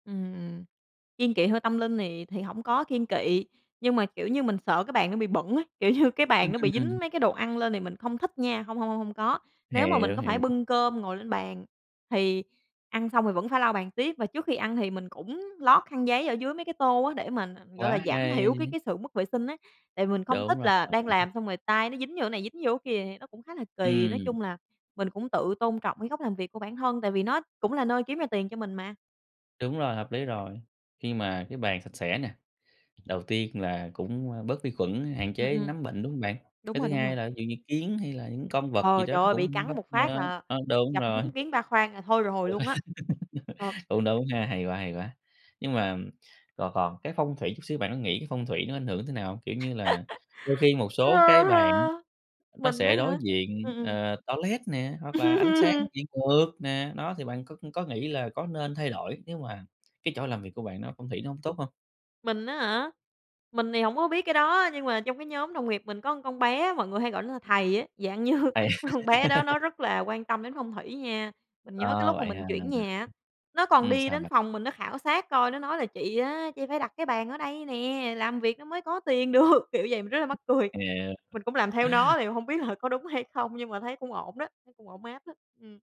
Ừm, kiêng kị hơi tâm linh thì thì hổng có kiêng kị, nhưng mà, kiểu như, mình sợ cái bàn nó bị bẩn ấy, kiểu như cái bàn Ừm, nó ừm, bị ừm. dính mấy cái đồ ăn lên thì mình không thích nha. Hông, hông, hông, hông có. Nếu mà mình Hiểu, có phải hiểu. bưng cơm ngồi lên bàn thì ăn xong thì vẫn phải lau bàn tiếp. Và trước khi ăn thì mình cũng lót khăn giấy ở dưới mấy cái tô á để mà, ờ, gọi là, Quá giảm thiểu cái hay. cái sự mất vệ sinh á. Tại vì mình không thích Đúng rồi. là đang làm xong rồi tay nó dính vô cái này dính vô cái kia thì nó cũng khá là kì. Nói Ừm. chung là mình cũng tự tôn trọng cái góc làm việc của bản thân tại vì nó cũng là nơi kiếm ra tiền cho mình mà. Đúng rồi, hợp lý rồi. Khi mà cái bàn sạch sẽ nè, đầu tiên là cũng bớt vi khuẩn, hạn Ừm, chế ừm. nấm bệnh, đúng không bạn? Đúng Cái rồi, thứ đúng rồi. hai là ví dụ như kiến hay là những con vật gì Ồ, đó trời nó ơi bị cũng cắn nấp một phát ơ, là ơ, đúng gặp rồi. đúng kiến ba khoang là thôi rồi Ừ, luôn á. Ờ. cũng đúng ha. Hay quá, hay quá. Nhưng mà, còn còn cái phong thủy chút xíu, bạn có nghĩ cái phong thủy nó ảnh hưởng thế nào hông? Kiểu như là, đôi khi một Ơ, số cái bàn á ha, nó mình á sẽ đối hả? diện, Ừm, ừm. ờ, toilet nè, hoặc là ánh sáng bị ngược nè. Đó, thì bạn có có nghĩ là có nên thay đổi nếu mà cái chỗ làm việc của bạn nó phong thủy nó hông tốt hông? Mình á hả? Mình thì hổng có biết cái đó. Nhưng mà trong cái nhóm đồng nghiệp mình có con bé á, mọi người hay gọi nó là thầy á. Dạng như Thầy. con bé đó nó rất là quan tâm đến phong thủy nha. Mình nhớ cái Ờ, lúc mà vậy ha. mình chuyển nhà á, nó còn Ừm, đi sao đến bạn? phòng mình nó khảo sát coi, nó nói là "Chị á, chị phải đặt cái bàn ở đây nè, làm việc nó mới có tiền được." Kiểu vậy, mình rất là mắc cười. Hiểu. Mình cũng làm theo nó thì hông biết là có đúng hay không, nhưng mà thấy cũng ổn đó, thấy cũng ổn áp á. Ừm.